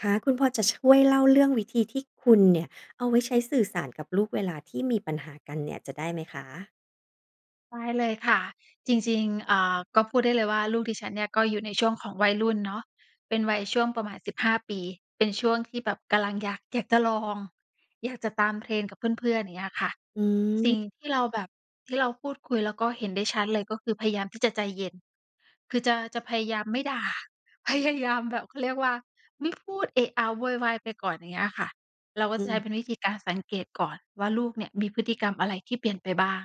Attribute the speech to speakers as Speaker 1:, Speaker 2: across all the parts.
Speaker 1: ค่ะ คุณพอจะช่วยเล่าเรื่องวิธีที่คุณเนี่ย เอาไว้ใช้สื่อสารกับลูกเวลาที่มีปัญหากันเนี่ย จะได้ไหมคะ?
Speaker 2: ได้เลยค่ะ จริง ๆ อ่า ก็พูดได้เลยว่า ลูกดิฉันเนี่ย ก็อยู่ในช่วงของวัยรุ่นเนาะ เป็นวัยช่วงประมาณ 15 ปี เป็นช่วงที่แบบกำลังอยาก อยากจะลอง อยากจะตาม trend กับเพื่อน ๆ อย่างเงี้ยค่ะ
Speaker 1: อ
Speaker 2: สิ
Speaker 1: ืม
Speaker 2: ่งที่เราแบบ ที่เราพูดคุย แล้วก็เห็นได้ชัดเลย ก็คือพยายามที่จะใจเย็น คือจะ จะพยายามไม่ด่า พยายามแบบ เขาเรียกว่า ไม่พูดเอะอะโวยวายไปก่อน อย่างเงี้ยค่ะ เราก็
Speaker 1: อื
Speaker 2: จะใช้
Speaker 1: ม
Speaker 2: เป็นวิธีการสังเกตก่อนว่า ลูกเนี่ย มีพฤติกรรมอะไร ที่เปลี่ยนไปบ้าง?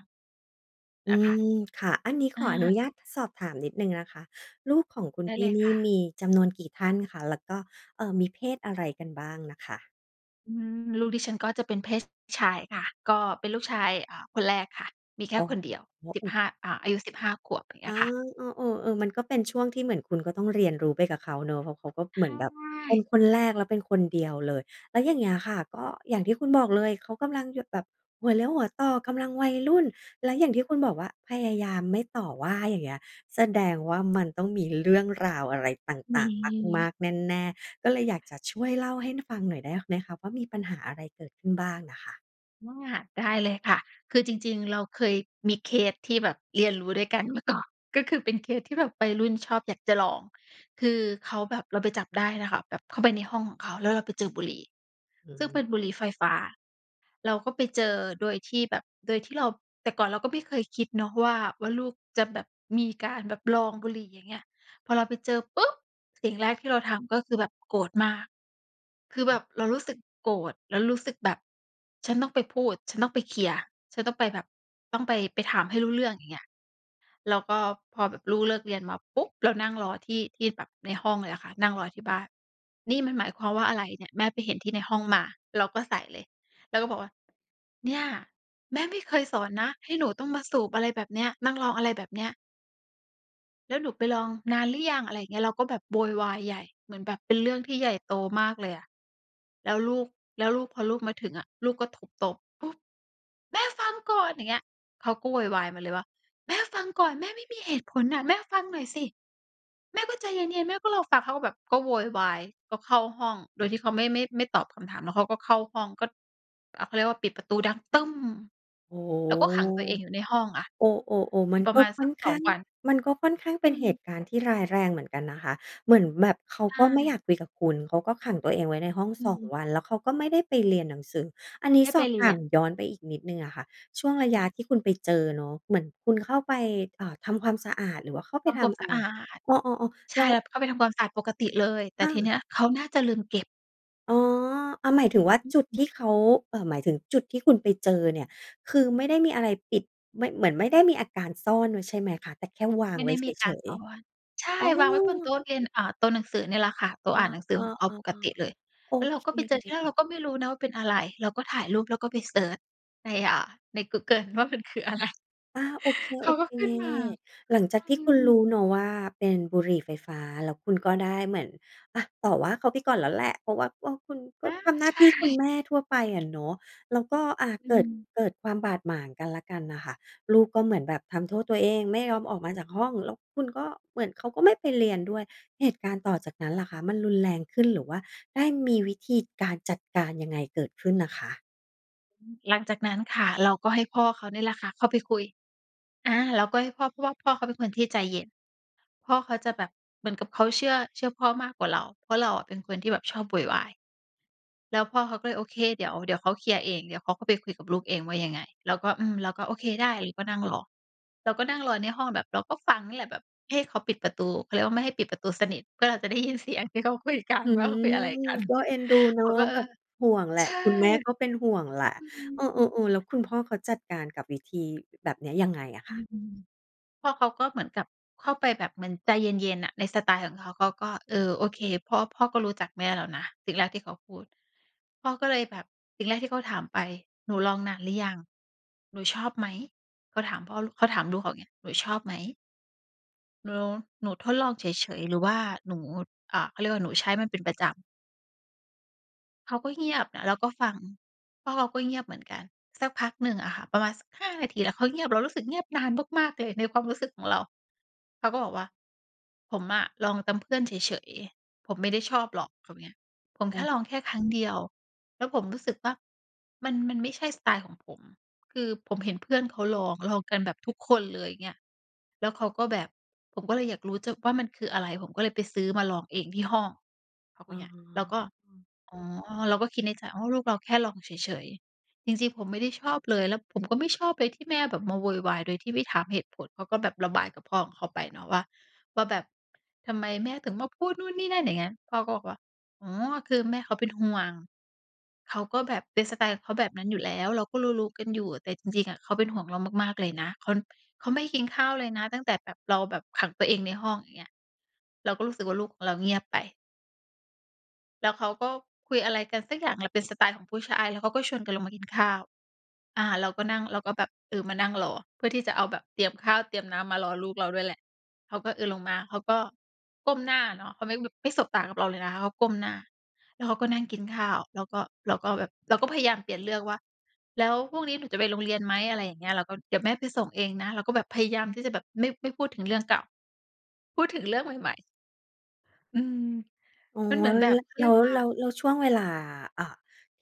Speaker 1: อ
Speaker 2: อ
Speaker 1: ื
Speaker 2: ะะคะ
Speaker 1: ม ค่ะ อันนี้ข
Speaker 2: อ
Speaker 1: ออนุ
Speaker 2: า
Speaker 1: ญาตสอบถามนิดหนึ่งนะคะ ลูกของคุณ
Speaker 2: ได
Speaker 1: พ
Speaker 2: ้
Speaker 1: ี
Speaker 2: เ
Speaker 1: ่
Speaker 2: ลย
Speaker 1: นี
Speaker 2: ค
Speaker 1: ่
Speaker 2: ่
Speaker 1: ม
Speaker 2: ะ
Speaker 1: ีจำนวนกี่ท่านคะ? แล้วก็ เอ่อ มีเพศอะไรกันบ้างน่ะคะ?
Speaker 2: อืม ลูกดิฉันก็จะเป็นเพศ ช ชายค่ะ ก็เป็นลูกชาย อ่า คนแรกค่ะ มีแค
Speaker 1: อ
Speaker 2: ่
Speaker 1: ๋อ
Speaker 2: คนเดียว
Speaker 1: โอ้
Speaker 2: สิ
Speaker 1: โ
Speaker 2: บห
Speaker 1: ฮ
Speaker 2: ้า อ่า อายุ 15 ขวบ อย่างเ
Speaker 1: อ
Speaker 2: งี้
Speaker 1: า
Speaker 2: ยค่ะ
Speaker 1: เออ ๆ เออ มันก็เป็นช่วงที่เหมือนคุณก็ต้องเรียนรู้ไปกับเขาเนาะ เพราะเขาก็
Speaker 2: ใ
Speaker 1: เ
Speaker 2: ช
Speaker 1: หมือนแบบเป็น
Speaker 2: ่
Speaker 1: คนแรก แล้วเป็นคนเดียวเลย แล้วอย่างเงี้ยค่ะ ก็อย่างที่คุณบอกเลย เขากำลังอยู่ แบบหัวเลี้ยวหัวต่อ กำลังวัยรุ่น แล
Speaker 2: อ
Speaker 1: ะอย่าง
Speaker 2: ืม
Speaker 1: ที่คุณบอกว่า พยายามไม่ต่อว่า อย่างเงี้ย แสดงว่า มันต้องมีเรื่องราวอะไรต
Speaker 2: ม
Speaker 1: ่าง ๆ มา
Speaker 2: ี
Speaker 1: ก ๆ แน่ ๆ ก็เลยอยากจะช่วยเล่าให้ฟังหน่อยได้ไหมคะ ว่า มีปัญหาอะไรเกิดขึ้นบ้างน่ะค่ะ?
Speaker 2: อา ได้เลยค่ะ คือจริง ๆ เราเคยมีเคสที่แบบเรียนรู้ด้วยกันเมื่อก่อน ก็คือเป็นเคสที่แบบวัยรุ่นชอบอยากจะลอง คือเขาแบบ เราไปจับได้น่ะค่ะ แบบเข้าไปในห้องของเขา แล้วเราไปเจอบุหรี่
Speaker 1: อ
Speaker 2: ซึ่งเ
Speaker 1: ืม
Speaker 2: ป็นบุหรี่ไฟฟ้า เราก็ไปเจอโดยที่แบบ โดยที่เรา แต่ก่อนเราก็ไม่เคยคิดเนาะว่า ว่าลูกจะแบบมีการแบบลองบุหรี่อย่างเงี้ย พอเราไปเจอปุ๊บ สิ่งแรกที่เราทำ ก็คือแบบโกรธมาก คือ
Speaker 1: อ
Speaker 2: แบ
Speaker 1: ืม
Speaker 2: บเรารู้สึกโกรธ เรารู้สึกแบบฉันต้องไปพูด ฉันต้องไปเคลียร์ ฉันต้องไปแบบต้องไป ไปถามให้รู้เรื่อง อย่างเงี้ย แล้วก็พอแบบลูกเลิกเรียนมาปุ๊บ เรานั่งรอที่ ที่แบบในห้องเลยอะค่ะ นั่งรอที่บ้าน "นี่มันหมายความว่าอะไรเนี่ย แม่ไปเห็นที่ในห้องมา" เราก็ใส่เลย แล้วก็บอกว่า "เนี่ย แม่ไม่เคยสอนนะ ให้หนูต้องมาสูบอะไรแบบเนี้ย นั่งลองอะไรแบบเนี้ย" "แล้วหนูไปลองนานหรือยัง" อะไรอย่างเงี้ย เราก็แบบโวยวายใหญ่ เหมือนแบบเป็นเรื่องที่ใหญ่โตมากเลยอะ แล้วลูก แล้วลูก พอลูกมาถึงอะ ลูกก็ทุบโต๊ะ ปุ๊บ แม่ฟังก่อน อย่างเงี้ย เขาก็โวยวายมาเลย ว่า "แม่ฟังก่อน แม่ไม่มีเหตุผลน่ะ แม่ฟังหน่อยสิ" แม่ก็ใจเย็น ๆ แม่ก็รอฟัง เขาก็แบบก็โวยวาย ก็เข้าห้อง โดยที่เขาไม่ ไม่ ไม่ตอบคำถาม แล้วเขาก็เข้าห้อง ก็ อ่า เขาเรียกว่า ปิดประตูดัง ตึ้ม
Speaker 1: โอ้โฮ
Speaker 2: แล้วก็ขังตัวเองอยู่ในห้องอะ
Speaker 1: โอ้ ๆ ๆ
Speaker 2: อ
Speaker 1: ม
Speaker 2: ยู
Speaker 1: ั
Speaker 2: ่
Speaker 1: น
Speaker 2: ปร
Speaker 1: ก
Speaker 2: ะ
Speaker 1: ็
Speaker 2: มาณ
Speaker 1: ค
Speaker 2: ส
Speaker 1: ่
Speaker 2: ั
Speaker 1: อ
Speaker 2: ก
Speaker 1: น
Speaker 2: ส
Speaker 1: ข
Speaker 2: อ
Speaker 1: ้
Speaker 2: ง
Speaker 1: าง
Speaker 2: วัน
Speaker 1: มันก็ค่อนข้างเ
Speaker 2: อ
Speaker 1: ป
Speaker 2: ื
Speaker 1: ็นเห
Speaker 2: ม
Speaker 1: ตุการณ์ที่ร้ายแรงเหมือนกันนะคะ เหมือนแบบเขา
Speaker 2: ใช
Speaker 1: ก็ไม่
Speaker 2: ่
Speaker 1: อยากคุยกับคุณ เขาก็ขังตัวเองไว้ในห้อง
Speaker 2: อื
Speaker 1: 2
Speaker 2: ม
Speaker 1: วัน แล้วเขาก็ไม่ได้ไปเรียนหนังสือ อันนี
Speaker 2: ไ
Speaker 1: ้
Speaker 2: ม่
Speaker 1: ส
Speaker 2: ไป
Speaker 1: อบ
Speaker 2: เร
Speaker 1: ถ
Speaker 2: ี
Speaker 1: า
Speaker 2: ย
Speaker 1: ม
Speaker 2: น
Speaker 1: ย้อนไปอีกนิดหนึ่งอะค่ะ ช่วงระ
Speaker 2: ค
Speaker 1: ย
Speaker 2: ่
Speaker 1: ะ
Speaker 2: ะ
Speaker 1: ที่คุณไปเจอเนาะ เหมือนคุณเข้าไป อ่า ทำความสะอาด หรือว่าเข้าไป
Speaker 2: ทำ
Speaker 1: ท
Speaker 2: ความ
Speaker 1: ำอ
Speaker 2: ส
Speaker 1: ะ
Speaker 2: ะ
Speaker 1: ไร?
Speaker 2: อาด
Speaker 1: อ๋อ ๆ
Speaker 2: ใ
Speaker 1: ๆ
Speaker 2: ช
Speaker 1: แล
Speaker 2: ่
Speaker 1: ้ว
Speaker 2: แล้วเข้าไปทำความสะอาดปกติเลย แต่
Speaker 1: อ
Speaker 2: ทีเ
Speaker 1: า
Speaker 2: นี้ย เขาน่าจะลืมเก็บ
Speaker 1: อ๋อ อ่า หมายถึงว่า
Speaker 2: อ
Speaker 1: จุดท
Speaker 2: ือ
Speaker 1: ี่เขา เอ่อ หมายถึงจุดที่คุณไปเจอเนี่ย คือไม่ได้มีอะไรปิด ไม่ เหมือนไม่ได้มีอาการซ่อนไว้ ใช่ไหมคะ? แต่แค่วาง
Speaker 2: ไม่
Speaker 1: ไว
Speaker 2: ได
Speaker 1: ้
Speaker 2: ้
Speaker 1: เ
Speaker 2: มีก
Speaker 1: ฉ
Speaker 2: าร
Speaker 1: ย
Speaker 2: ต่อว่า ใช
Speaker 1: ๆ อ
Speaker 2: ่
Speaker 1: ๋
Speaker 2: วางไว้บนโต
Speaker 1: อ
Speaker 2: ๊ะเรียน อ่า โต๊ะหนังสือนี่แหละค่ะ โต๊
Speaker 1: อ
Speaker 2: ะ
Speaker 1: า
Speaker 2: อ่านหนังสื
Speaker 1: เอ
Speaker 2: อของเขา
Speaker 1: อ
Speaker 2: ปกติเ
Speaker 1: ๆ
Speaker 2: ลย
Speaker 1: ๆ โอ
Speaker 2: แล้วเรา
Speaker 1: เ
Speaker 2: ก็ไปเจอ ทีแรกเร
Speaker 1: ค
Speaker 2: าก็ไม่รู้นะว่าเป็นอะไร เราก็ถ่ายรูปแล้วก็ไปเซิร์ชใน อ่า ในกูเกิลว่า มันคืออะไร
Speaker 1: อา โอเค
Speaker 2: เขาก็ขึ้นมา
Speaker 1: ๆ หลังจ
Speaker 2: อ
Speaker 1: าก
Speaker 2: ื
Speaker 1: ที่คุณร
Speaker 2: ม
Speaker 1: ู้เนาะ ว่า เป็นบุหรี่ไฟฟ้า แล้วคุณก็ได้เหมือนอะ ต่อว่าเขาไปก่อนแล้วแหละ เพราะว่า เออ คุณก็
Speaker 2: อา
Speaker 1: ทำหน้
Speaker 2: ใ
Speaker 1: า
Speaker 2: ช
Speaker 1: ท
Speaker 2: ่
Speaker 1: ี่คุณแม่ทั่วไปอะเนาะ แล้วก็ อ่า
Speaker 2: อื
Speaker 1: เกิด
Speaker 2: ม
Speaker 1: เกิดความบาดหมางกันและกันน่ะค่ะ ลูกก็เหมือนแบบทำโทษตัวเอง ไม่ยอมออกมาจากห้อง แล้วคุณก็ เหมือนเขาก็ไม่ไปเรียนด้วย เหตุการณ์ต่อจากนั้นล่ะคะ มันรุนแรงขึ้น หรือว่าได้มีวิธีการจัดการยังไงเกิดขึ้นอะคะ?
Speaker 2: หลังจากนั้นค่ะ เราก็ให้พ่อเขานี่แหละค่ะ เข้าไปคุย อา เราก็ให้พ่อ พ่อเขาเป็นคนที่ใจเย็น พ่อเขาจะแบบเหมือนกับเขาเชื่อ เชื่อพ่อมากกว่าเรา เพราะเราอะเป็นคนที่แบบชอบโวยวาย แล้วพ่อเขาก็เลยโอเค เดี๋ยว เดี๋ยวเขาเคลียร์เอง เดี๋ยวเขาก็ไปคุยกับลูกเองว่ายังไง เราก็ อืม เราก็โอเคได้ เราก็นั่งรอ เราก็นั่งรอในห้องแบบเราก็ฟังนี่แหละ แบบให้เขาปิดประตู เขาเรียกว่าไม่ให้ปิดประตูสนิท เพื่อ เราจะได้ยินเสียงที่เขาคุยกัน
Speaker 1: อื
Speaker 2: ว่าเขาคุย
Speaker 1: ม
Speaker 2: อะไรกัน
Speaker 1: ก็เอ็นดูเน
Speaker 2: เ
Speaker 1: า
Speaker 2: ข
Speaker 1: ะ
Speaker 2: าก็ เอ
Speaker 1: แบ
Speaker 2: อ
Speaker 1: บห่วงแหล
Speaker 2: ใ
Speaker 1: ะ
Speaker 2: ช่
Speaker 1: คุณแม่ก็เป็นห่วงแหละ
Speaker 2: อื
Speaker 1: เอ
Speaker 2: ม
Speaker 1: อ ๆ ๆ แล้วคุณพ่อเขาจัดการกับวิธีแบบเนี้ยยังไงอะค
Speaker 2: อื
Speaker 1: ะ?
Speaker 2: ม พ่อเขาก็เหมือนกับเข้าไปแบบเหมือนใจเย็น ๆ น่ะ ในสไตล์ของเขา เขาก็ เออ โอเคพ่อ พ่อก็รู้จากแม่แล้วนะ สิ่งแรกที่เขาพูด พ่อก็เลยแบบสิ่งแรกที่เขาถามไป หนูลองนานหรือยัง หนูชอบไหม เขาถามพ่อ เขาถามลูกเขาอย่างงี้ หนูชอบไหม เหรอ หนูทดลองเฉย ๆ หรือว่าหนู อ่า เขาเรียกว่า หนูใช้มันเป็นประจำ? เขาก็เงียบน่ะ แล้วก็ฟัง เพราะเราก็เงียบเหมือนกัน สักพักหนึ่งอะค่ะ ประมาณสัก 5 นาที แล้วเขาเงียบ เรารู้สึกเงียบนานมาก ๆ เลย ในความรู้สึกของเรา เขาก็บอกว่า "ผมอะลองตามเพื่อนเฉย ๆ ผมไม่ได้ชอบหรอก" เขาว่าเงี้ย "ผม
Speaker 1: โ
Speaker 2: แค่
Speaker 1: อ้
Speaker 2: ลองแค่ครั้งเดียว แล้วผมรู้สึกว่า มัน มันไม่ใช่สไตล์ของผม คือผมเห็นเพื่อนเขาลอง ลองกันแบบทุกคนเลย" เงี้ย แล้วเขาก็แบบ "ผมก็เลยอยากรู้จัก ว่า มันคืออะไร ผมก็เลยไปซื้อมาลองเองที่ห้อง" เขาพ
Speaker 1: อ
Speaker 2: ู
Speaker 1: ๋
Speaker 2: ดเงี้ย เราก็
Speaker 1: อ
Speaker 2: อ๋อ เราก็คิดในใจ "อ๋อ ลูกเราแค่ลองเฉย ๆ" "จริง ๆ ผมไม่ได้ชอบเลย แล้วผมก็ไม่ชอบเลย ที่แม่แบบมาโวยวาย โดยที่ไม่ถามเหตุผล" เขาก็แบบระบายกับพ่อของเขาไปเนาะว่า ว่าแบบ ทำไมแม่ถึงมาพูดนู่นนี่นั่น อย่างเงี้ย พ่อก็บอกว่า "อ๋อ คือแม่เขาเป็นห่วง เขาก็แบบเป็นสไตล์เขาแบบนั้นอยู่แล้ว เราก็รู้ ๆ กันอยู่ แต่จริง ๆ อะ เขาเป็นห่วงเรามากๆ เลยนะ ค้อน เขาไม่ได้กินข้าวเลยนะ ตั้งแต่แบบเราแบบขังตัวเองในห้อง" อย่างเงี้ย เราก็รู้สึกว่า ลูกของเราเงียบไป แล้วเขาก็คุยอะไรกันสักอย่างเเหละ เป็นสไตล์ของผู้ชาย แล้วเขาก็ชวนกันลงมากินข้าว อ่า เราก็นั่ง เราก็แบบ เออ มานั่งรอ เพื่อที่จะเอาแบบเตรียมข้าวเตรียมน้ำ มารอลูกเราด้วยแหละ เขาก็ เออ ลงมา เขาก็ก้มหน้าเนาะ เขาไม่ ไม่สบตากับเราเลยนะคะ เขาก้มหน้า แล้วเขาก็นั่งกินข้าว แล้วก็ เราก็แบบ เราก็พยายามเปลี่ยนเรื่องว่า "แล้วพรุ่งนี้หนูจะไปโรงเรียนไหม?" อะไรอย่างเงี้ย เราก็ "เดี๋ยวแม่ไปส่งเองนะ" เราก็แบบพยายามที่จะแบบ ไม่ ไม่พูดถึงเรื่องเก่า พูดถึงเรื่องใหม่ ๆ อืม
Speaker 1: อ๋อ
Speaker 2: มันเหมือ
Speaker 1: แล
Speaker 2: น
Speaker 1: ้ว
Speaker 2: แบ
Speaker 1: ง
Speaker 2: บ
Speaker 1: ี้
Speaker 2: เขา
Speaker 1: แ
Speaker 2: เ
Speaker 1: ล
Speaker 2: รี
Speaker 1: ้
Speaker 2: ยก
Speaker 1: ว
Speaker 2: ว่า
Speaker 1: แล้ว แล้วช่วงเวลา อ่า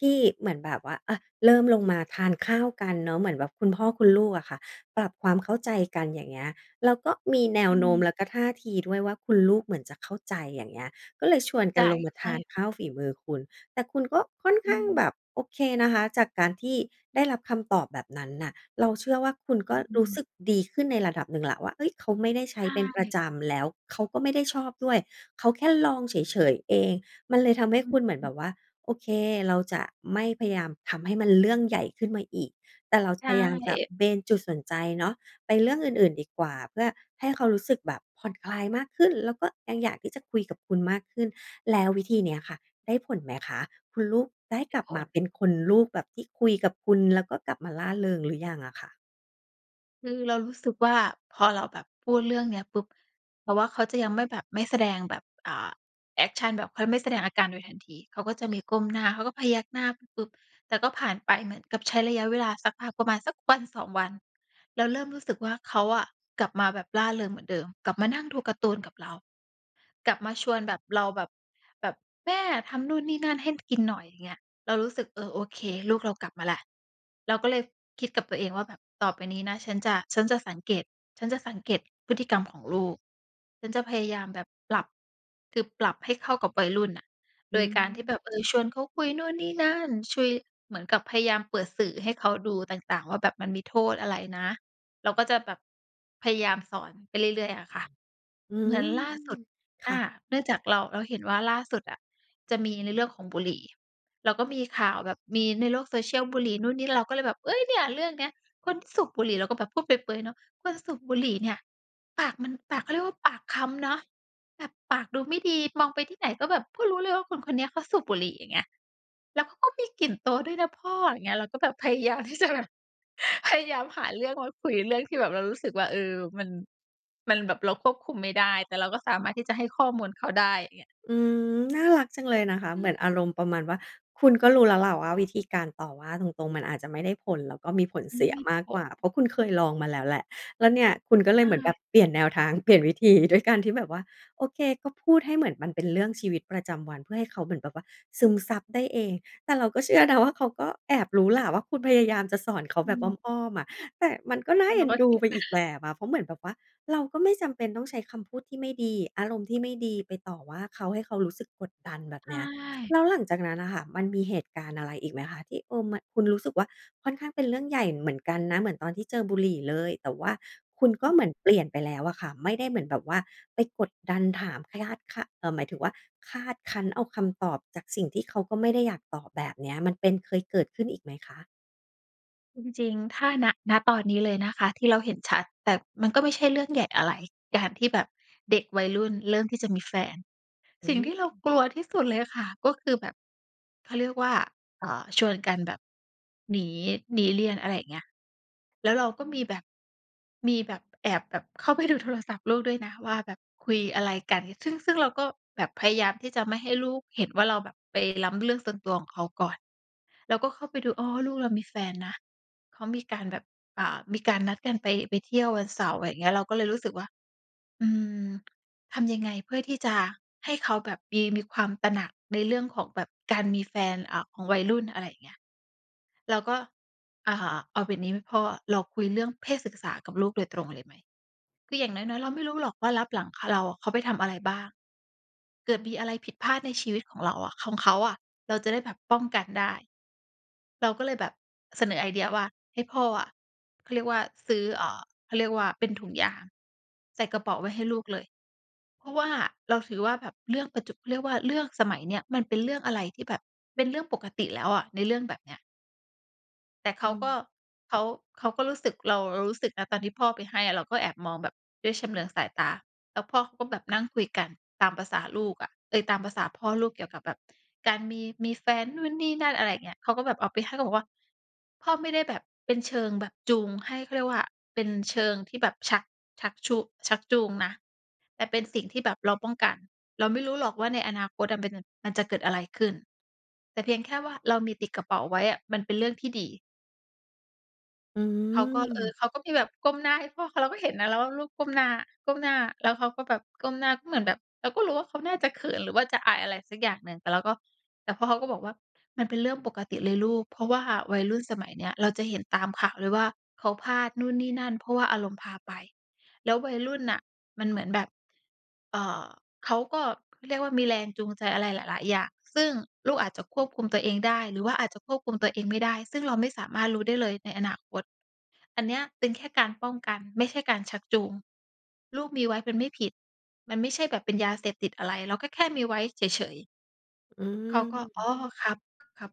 Speaker 1: ที่เหมือนแบบว่า อ่า เริ่มลงมาทานข้าวกันเนาะ เหมือนแบบคุณพ่อคุณลูกอะค่ะ ปรับความเข้าใจกัน อย่างเงี้ย แล้วก็มีแน
Speaker 2: อ
Speaker 1: ว
Speaker 2: ื
Speaker 1: โน้ม
Speaker 2: ม
Speaker 1: แล้วก็ท่าทีด้วยว่าคุณลูกเหมือนจะเข้าใจ อย่างเงี้ย ก็เลยช
Speaker 2: เข
Speaker 1: วน
Speaker 2: ้า
Speaker 1: ก
Speaker 2: ใจ
Speaker 1: ันลงมา
Speaker 2: ใช
Speaker 1: ทาน
Speaker 2: ่
Speaker 1: ข้าวฝีมือคุณ แต่คุณก็ค่อน
Speaker 2: อ
Speaker 1: ข
Speaker 2: ื
Speaker 1: ้างแบ
Speaker 2: ม
Speaker 1: บโอเคนะคะ จากการที่ได้รับคำตอบแบบนั้นน่ะ เราเชื่อว่าคุณก
Speaker 2: อ
Speaker 1: ็รู้
Speaker 2: ืม
Speaker 1: สึกดีขึ้นในระดับหนึ่งแล้ว ว่า เฮ้ย เขาไม่ได้ใช
Speaker 2: ใ
Speaker 1: ้
Speaker 2: ช
Speaker 1: เป็นประ
Speaker 2: ่
Speaker 1: จำ แล้วเขาก็ไม่ได้ชอบด้วย เขาแค่ลองเฉย ๆ เอง มันเลยทำให้คุณเหมือนแบบว่า โอเค เราจะไม่พยายามทำให้มันเรื่องใหญ่ขึ้นมาอีก แต่เรา
Speaker 2: ใช
Speaker 1: พยายามจะ
Speaker 2: ่
Speaker 1: เบนจุดสนใจเนาะ ไปเรื่องอื่น ๆ ดีกว่า เพื่อให้เขารู้สึกแบบผ่อนคลายมากขึ้น แล้วก็ยังอยากที่จะคุยกับคุณมากขึ้น แล้ววิธีนี้ค่ะได้ผลไหมคะ? คุณลูกได้
Speaker 2: ได
Speaker 1: ก
Speaker 2: ้
Speaker 1: ลับ
Speaker 2: ผ
Speaker 1: มา
Speaker 2: ล
Speaker 1: เป็นคุณลูกแบบที่คุยกับคุณ แล้วก็กลับมาร่าเริงหรือยังอะคะ?
Speaker 2: คือเรารู้สึกว่า พอเราแบบพูดเรื่องเนี้ยปุ๊บ เพราะว่าเขาจะยังไม่แบบ ไม่แสดงแบบ อ่า แอกชันแบบเขายังไม่แสดงอาการโดยทันที เขาก็จะมีก้มหน้า เขาก็พยักหน้าปึ๊บ ๆ แต่ก็ผ่านไปเหมือนกับใช้ระยะเวลาสักพัก ประมาณสัก 1-2 วัน แล้วเริ่มรู้สึกว่า เขาอะกลับมาแบบร่าเริงเหมือนเดิม กลับมานั่งดูการ์ตูนกับเรา กลับมาชวนแบบ เราแบบ แบบแม่ทำนู่นนี่นั่น ให้ ผ กินหน่อย อย่างเงี้ย เรารู้สึก เออ โอเค ลูกเรากลับมาแล้ว เราก็เลยคิดกับตัวเองว่า แบบต่อไปนี้นะ ฉันจะ ฉันจะสังเกต ฉันจะสังเกตพฤติกรรมของลูก ฉันจะพยายามแบบปรับ คือปรับให้เข้ากับวัยรุ่นน่ะ
Speaker 1: อื
Speaker 2: โดยการที่
Speaker 1: ม
Speaker 2: แบบ เออ ชวนเขาคุยนู่นนี่นั่น คุย เหมือนกับพยายามเปิดสื่อให้เขาดูต่าง ๆ ว่า แบบมันมีโทษอะไรนะ? เราก็จะแบบพยายามสอนไปเรื่อย ๆ อะค่ะ
Speaker 1: อื
Speaker 2: เหมื
Speaker 1: ม
Speaker 2: อนล่าสุด
Speaker 1: ค
Speaker 2: อ
Speaker 1: ่
Speaker 2: า
Speaker 1: ะ
Speaker 2: เนื่องจากเรา เราเห็นว่าล่าสุดอะ จะมีในเรื่องของบุหรี่ แล้วก็มีข่าวแบบมีในโลก social บุหรี่นู่นนี่ เราก็เลยแบบ เฮ่ย เนี่ยเรื่องเนี้ยคนสูบบุหรี่ เราก็แบบพูดเปรย ๆ เนาะ คนสูบบุหรี่เนี่ย ปากมัน ปาก เขาเรียกว่า ปากคล้ำเนาะ แบบปากดูไม่ดี มองไปที่ไหนก็แบบก็รู้เลยว่า คนคนเนี้ยเขาสูบบุหรี่ อย่างเงี้ย แล้วเขาก็มีกลิ่นตัวด้วยนะพ่อ อย่างเงี้ย เราก็แบบ พยายามที่จะแบบ พยายามหาเรื่องมาคุย เรื่องที่แบบเรารู้สึกว่า เออ มัน มันแบบเราควบคุมไม่ได้ แต่เราก็สามารถที่จะให้ข้อมูลเขาได้ อย่างเงี้ย
Speaker 1: อืม น่ารักจังเลยนะคะ
Speaker 2: อื
Speaker 1: เหมือน
Speaker 2: ม
Speaker 1: อารมณ์ประมาณว่า คุณก็รู้แล้วแหละว่า วิธีการต่อว่าตรง ๆ มันอาจจะไม่ได้ผล แล้วก็มีผล
Speaker 2: อื
Speaker 1: เส
Speaker 2: ม
Speaker 1: ีย
Speaker 2: มี
Speaker 1: มาก
Speaker 2: ผ
Speaker 1: กว่า
Speaker 2: ล
Speaker 1: เพราะคุณเคยลองมาแล้วแหละ แล้วเนี่ยคุณก็เ
Speaker 2: ใ
Speaker 1: ล
Speaker 2: ช
Speaker 1: ยเหมือนแบ
Speaker 2: ่
Speaker 1: บเปลี่ยนแนวทาง เปลี่ยนวิธี ด้วยการที่แบบว่า โอเค ก็พูดให้เหมือนมันเป็นเรื่องชีวิตประจำวัน เพื่อให้เขาเหมือนแบบว่า ซึมซับได้เอง แต่เราก็เชื่อนะว่า เขาก็แอบรู้แหละว่า คุณพยายามจะสอนเขา
Speaker 2: อื
Speaker 1: แบบอ
Speaker 2: ม
Speaker 1: ้อม ๆ อะ แต่มันก็น่า
Speaker 2: เร
Speaker 1: เอ
Speaker 2: า
Speaker 1: ็น
Speaker 2: ก็
Speaker 1: ด
Speaker 2: เ
Speaker 1: ู
Speaker 2: ครีย
Speaker 1: ไ
Speaker 2: ด
Speaker 1: ป
Speaker 2: น
Speaker 1: อ
Speaker 2: ะ
Speaker 1: ีกแบบอะ เพราะเหมือนแบบว่า เราก็ไม่จำเป็นต้องใช้คำพูดที่ไม่ดี อารมณ์ที่ไม่ดีไปต่อว่าเขา ให้เขารู้สึกกดดัน แบ
Speaker 2: ใ
Speaker 1: บ
Speaker 2: ช
Speaker 1: เนี้ย แ
Speaker 2: ่
Speaker 1: ล้วหลังจากนั้นน่ะค่ะ มันมีเหตุการณ์อะไรอีกไหมคะ? ที่ เออ มัน คุณรู้สึกว่า ค่อนข้างเป็นเรื่องใหญ่เหมือนกันนะ เหมือนตอนที่เจอบุหรี่เลย แต่ว่าคุณก็
Speaker 2: อ
Speaker 1: เหมือนเปลี่ยนไปแล้วอะค่ะ ไม่ได้เหมือนแบบว่าไปกดดันถามขะยาด คาด เอ่อ หมายถึงว่า คาดคั้นเอาคำตอบจากสิ่งที่เขาก็ไม่ได้อยากตอบ แบบเนี้ย มันเป็น เคยเกิดขึ้นอีกไหมคะ?
Speaker 2: จริง ๆ ถ้า ณ ณ ตอนนี้เลยนะคะ ที่เราเห็นชัด แต่มันก็ไม่ใช่เรื่องใหญ่อะไร การที่แบบเด็กวัยรุ่นเริ่มที่จะมีแฟน
Speaker 1: อื
Speaker 2: สิ่งที่เรา
Speaker 1: ม
Speaker 2: กลัวที่สุดเลยอะค่ะ ก็คือแบบ เขาเรียกว่า เอ่อ ชวนกันแบบ หนี หนีเรียน อะไรอย่างเงี้ย แล้วเราก็มีแบบ มีแบบแอบแบบเข้าไปดูโทรศัพท์ลูกด้วยนะว่า แบบคุยอะไรกัน ซึ่ง ซึ่งเราก็แบบพยายามที่จะไม่ให้ลูกเห็นว่า เราแบบไปล้ำเรื่องส่วนตัวของเขาก่อน เราก็เข้าไปดู อ๋อ ลูกเรามีแฟนนะ เขามีการแบบ อ่า มีการนัดกันไป ไปเที่ยววันเสาร์ ไรอย่างเงี้ย เราก็เลยรู้สึกว่า อืม ทำยังไง เพื่อที่จะให้เขาแบบมี มีความตระหนักในเรื่องของแบบการมีแฟน อ่า ของวัยรุ่น อะไรอย่างเงี้ย เราก็ อ่า "เอาแบบนี้ไหมพ่อ เราคุยเรื่องเพศศึกษากับลูกโดยตรงเลยไหม?" คืออย่างน้อย ๆ เราไม่รู้หรอกว่าลับหลัง ข เราอะ เขาไปทำอะไรบ้าง เกิดมีอะไรผิดพลาดในชีวิตของเราอะ ของเขาอะ เราจะได้แบบป้องกันได้ เราก็เลยแบบเสนอไอเดียว่า ให้พ่ออะ เขาเรียกว่า ซื้อ เอ่อ เขาเรียกว่า เป็นถุงยางใส่กระเป๋าไว้ให้ลูกเลย เพราะว่าเราถือว่าแบบเรื่องปัจจุ เขาเรียกว่าเรื่องสมัยเนี้ย มันเป็นเรื่องอะไรที่แบบเป็นเรื่องปกติแล้วอะ ในเรื่องแบบเนี้ย แต่เข
Speaker 1: อ
Speaker 2: าก็
Speaker 1: ืม
Speaker 2: เขา เขาก็รู้สึก เรา เรารู้สึกนะ ตอนที่พ่อไปให้อะ เราก็แอบมองแบบด้วยชำเลืองสายตา แล้วพ่อเขาก็แบบนั่งคุยกัน ตามประสาลูกอะ เอ๊ย ตามประสาพ่อลูกเกี่ยวกับแบบ การมี มีแฟนนู่นนี่นั่น อะไรอย่างเงี้ย เขาก็แบบเอาไปให้ แล้วก็บอกว่า พ่อไม่ได้แบบเป็นเชิงแบบจูงให้ เขาเรียกว่า เป็นเชิงที่แบบชัก ชักชู ชักจูงนะ แต่เป็นสิ่งที่แบบเราป้องกัน เราไม่รู้หรอกว่า ในอนาคตจะเป็น มันจะเกิดอะไรขึ้น แต่เพียงแค่ว่า เรามีติดกระเป๋าไว้อะ มันเป็นเรื่องที่ดี
Speaker 1: อื
Speaker 2: เขาก็ เอ
Speaker 1: อ
Speaker 2: อ เขาก็มีแบบก้มหน้าให้พ่อเขา เราก็เห็นนะแล้วว่า ลูกก้มหน้า ก้มหน้า แล้วเขาก็แบบก้มหน้า ก็เหมือนแบบเราก็รู้ว่า เขาน่าจะเขิน หรือว่าจะอาย อะไรสักอย่างหนึ่ง แต่เราก็ แต่พ่อเขาก็บอกว่า มันเป็นเรื่องปกติเลยลูก เพราะว่าวัยรุ่นสมัยเนี้ย เราจะเห็นตามข่าวเลยว่า เขาพลาดนู่นนี่นั่น เพราะว่าอารมณ์พาไป แล้ววัยรุ่นน่ะ มันเหมือนแบบ อ่า เขาก็เรียกว่า มีแรงจูงใจอะไรหลาย ๆ อย่าง ซึ่งลูกอาจจะควบคุมตัวเองได้ หรือว่าอาจจะควบคุมตัวเองไม่ได้ ซึ่งเราไม่สามารถรู้ได้เลยในอนาคต อันเนี้ยเป็นแค่การป้องกัน ไม่ใช่การชักจูง ลูกมีไว้เป็นไม่ผิด มันไม่ใช่แบบเป็นยาเสพติดอะไร เราก็แค่มีไว้เฉย ๆ
Speaker 1: อื
Speaker 2: เขาก็ "อ๋อ
Speaker 1: อ
Speaker 2: ครับ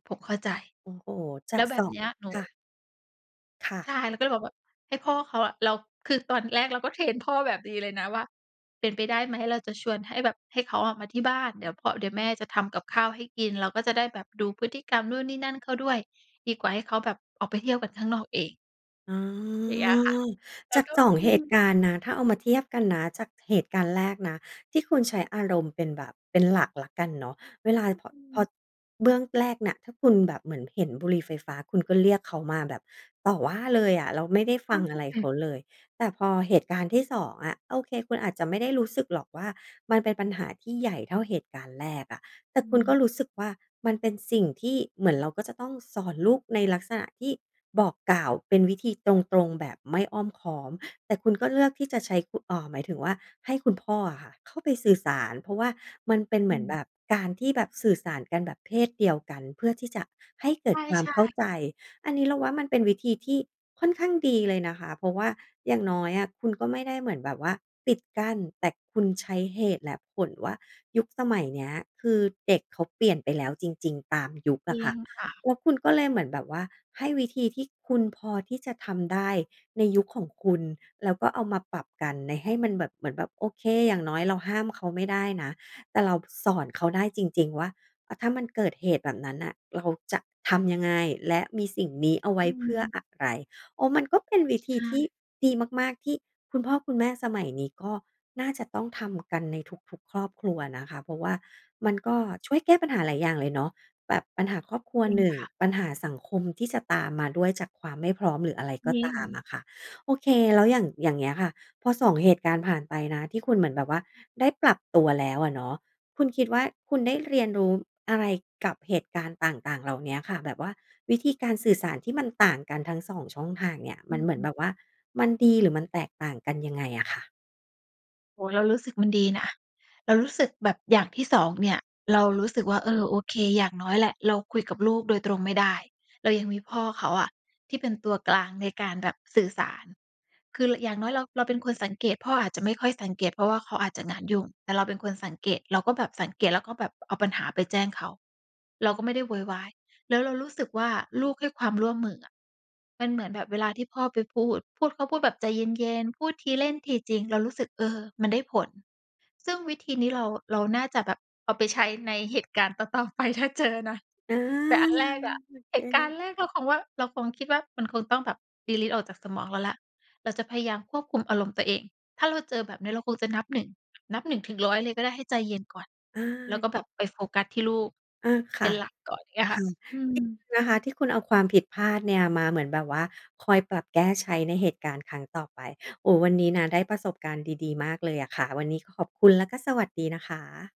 Speaker 2: ๆ ผมเข้าใจ"
Speaker 1: โอ้โฮ! จ
Speaker 2: แ
Speaker 1: า
Speaker 2: ล้
Speaker 1: ก
Speaker 2: วแบ
Speaker 1: ส
Speaker 2: บ
Speaker 1: อง
Speaker 2: เนี้ย หนู
Speaker 1: ค่ะ ค่ะ
Speaker 2: ใช่ เราก็เลยบอกว่า ให้พ่อเขาอะ เรา คือตอนแรกเราก็เทรนพ่อแบบดีเลยนะว่า เป็นไปได้ไหม เราจะชวนให้แบบ ให้เขาอะมาที่บ้าน เดี๋ยวพ่อ เดี๋ยวแม่จะทำกับข้าวให้กิน เราก็จะได้แบบดูพฤติกรรมนู่นนี่นั่นเขาด้วย ดีกว่าให้เขาแบบ ออกไปเที่ยวกันข้างนอกเอง
Speaker 1: อ๋อ
Speaker 2: อย่างเงี้ยแหละค่ะ เร
Speaker 1: จ
Speaker 2: า
Speaker 1: าก
Speaker 2: ก็
Speaker 1: สอ
Speaker 2: อื
Speaker 1: ง เหตุ
Speaker 2: ม
Speaker 1: การณ์นะ ถ้าเอามาเทียบกันนะ จากเหตุการณ์แรกนะ ที่คุณใช้อารมณ์เป็นแบบเป็นหลักแล้วกันเนาะ เวลา บ
Speaker 2: อื
Speaker 1: พอ
Speaker 2: ม
Speaker 1: เบื้องแรกเนี่ย ที่คุณแบบเหมือนเห็นบุหรี่ไฟฟ้า คุณก็เรียกเขามาแบบต่อว่าเลยอะ แล้วไม่ได้
Speaker 2: เ
Speaker 1: ฟ
Speaker 2: ท่
Speaker 1: ั
Speaker 2: า
Speaker 1: ง
Speaker 2: ท
Speaker 1: อ
Speaker 2: ี
Speaker 1: ะ
Speaker 2: ่
Speaker 1: ไร
Speaker 2: แบ
Speaker 1: เข
Speaker 2: บ
Speaker 1: าเลย แต่พอเหตุการณ์ที่ 2 อะ โอเค คุณอาจจะไม่ได้รู้สึกหรอกว่า มันเป็นปัญหาที่ใหญ่เท่าเหตุการณ์แรกอะ แต่
Speaker 2: อื
Speaker 1: คุณก็
Speaker 2: ม
Speaker 1: รู้สึกว่า มันเป็นสิ่งที่เหมือนเราก็จะต้องสอนลูก ในลักษณะที่บอกกล่าวเป็นวิธีตรง ๆ แบบไม่อ้อมค้อม แต่คุณก็เลือกที่จะใช้คุ เอ่อ หมายถึงว่าให้คุณพ่ออะค่ะเข้าไปสื่อสาร เพราะว่ามันเป็นเ
Speaker 2: อ
Speaker 1: ห
Speaker 2: ื
Speaker 1: มือน
Speaker 2: ม
Speaker 1: แบบ การที่แบบสื่อสารกันแบบเพศเดียวกัน เพื่อที่จะให้เกิดควา
Speaker 2: ใ
Speaker 1: ม
Speaker 2: ช่
Speaker 1: เข้า
Speaker 2: ๆ
Speaker 1: ใจ อันนี้ เราว่ามันเป็นวิธีที่ค่อนข้างดีเลยนะคะ เพราะว่าอย่างน้อยอะ คุณ ก็ไม่ได้เหมือนแบบว่าปิดกั้น แต่คุณใช้เหตุและผลว่า ยุคสมัยเนี้ย คือเด็กเขาเปลี่ยนไปแล้วจริง ๆ ตามยุค
Speaker 2: จ
Speaker 1: อ
Speaker 2: ร
Speaker 1: ะ
Speaker 2: ิ
Speaker 1: ค่ะ
Speaker 2: งค่ะ
Speaker 1: แล้วคุณก็เลยเหมือนแบบว่า ให้วิธีที่คุณพอที่จะทำได้ในยุคของคุณ แล้วก็เอามาปรับกันใน ให้มันแบบเหมือนแบบ โอเค อย่างน้อยเราห้ามเขาไม่ได้นะ แต่เราสอนเขาได้จริง ๆ ว่า อะ ถ้ามันเกิดเหตุแบบนั้นน่ะ แล้วเขาจะทำยังไง? และมีสิ่งนี้เอาไว
Speaker 2: อ
Speaker 1: ้
Speaker 2: ื
Speaker 1: เพื่อ
Speaker 2: ม
Speaker 1: อะไร? โอ้ มันก็เป็นวิ
Speaker 2: ใช
Speaker 1: ธีที่
Speaker 2: ่
Speaker 1: ดีมาก ๆ ที่คุณพ่อคุณแม่สมัยนี้ ก็น่าจะต้องทำกันในทุก ๆ ครอบครัวนะคะ เพราะว่ามัน ก็ช่วยแก้ปัญหาหลายอย่างเลยเนาะ แบบปัญหาครอบครัว
Speaker 2: จริง
Speaker 1: 1
Speaker 2: ค่ะ
Speaker 1: ปัญหาสังคมที่จะตามมาด้วยจากความไม่พร้อม หรืออะไรก
Speaker 2: จ
Speaker 1: ็
Speaker 2: ริ
Speaker 1: ตาม
Speaker 2: ง
Speaker 1: อะค่ะ โอเค แล้วอย่าง อย่างเงี้ยค่ะ พอ 2 เหตุการณ์ผ่านไปนะที่คุณเหมือนแบบว่า ได้ปรับตัวแล้วอะเนาะ คุณคิดว่าคุณได้เรียนรู้อะไรกับเหตุการณ์ต่าง ๆ เหล่าเนี้ยค่ะ แบบว่าวิธีการสื่อสารที่มันต่างกันทั้ง 2 ช่องทางเนี่ย
Speaker 2: อ
Speaker 1: มันเหมือน
Speaker 2: ื
Speaker 1: แ
Speaker 2: ม
Speaker 1: บบว่ามันดี หรือมันแตกต่างกันยังไงอะค่ะ?
Speaker 2: โอ้โฮ! เรารู้สึกมันดีนะ เรารู้สึกแบบอย่างที่ 2 เนี่ย เรารู้สึกว่า เออ โอเค อย่างน้อยแหละ เราคุยกับลูกโดยตรงไม่ได้ เรายังมีพ่อเขาอะ ที่เป็นตัวกลางในการแบบสื่อสาร คือ ร อย่างน้อยเรา เราเป็นคนสังเกต พ่ออาจจะไม่ค่อยสังเกต เพราะว่าเขาอาจจะงานยุ่ง แต่เราเป็นคนสังเกต เราก็แบบสังเกต แล้วก็แบบเอาปัญหาไปแจ้งเขา เราก็ไม่ได้โวยวาย แล้วเรารู้สึกว่า ลูกให้ความร่วมมืออะ มันเหมือนแบบเวลาที่พ่อไปพูด พูด เขาพูดแบบใจเย็น ๆ พูดทีเล่นทีจริง เรารู้สึก เออ มันได้ผล ซึ่งวิธีนี้เรา เราน่าจะแบบเอาไปใช้ในเหตุการณ์ ต่อ ๆ ไป ถ้าเจอนะ
Speaker 1: อา
Speaker 2: แต่อันแรกอะ
Speaker 1: โอ
Speaker 2: เ
Speaker 1: เ
Speaker 2: หตุการณ
Speaker 1: ค
Speaker 2: ์แรกเราคงว่า เราคงคิดว่า มันคงต้องแบบ ดีลีต ออกจากสมองเราแล้ว เราจะพยายามควบคุมอารมณ์ตัวเอง ถ้าเราเจอแบบเนี้ย เราคงจะนับ 1 นับ 1-100 เลยก็ได้ ให้ใจเย็นก่อน
Speaker 1: อ
Speaker 2: แล้ว
Speaker 1: า
Speaker 2: ก็แบบไปโฟกัสที่ลูก
Speaker 1: อา ค
Speaker 2: เป็
Speaker 1: ่
Speaker 2: น
Speaker 1: ะ
Speaker 2: หลักก่อน อย่างเงี้ยค
Speaker 1: ค
Speaker 2: ่ะ
Speaker 1: ่ะ
Speaker 2: อืม
Speaker 1: [unintelligible] นะคะ ที่คุณเอาความผิดพลาดเนี่ย มาเหมือนแบบว่า คอยปรับแก้ใช้ในเหตุการณ์ครั้งต่อไป โอ้ วันนี้นะได้ประสบการณ์ดี ๆ มากเลยอะค่ะ วันนี้ก็ขอบคุณ และก็สวัสดีนะคะ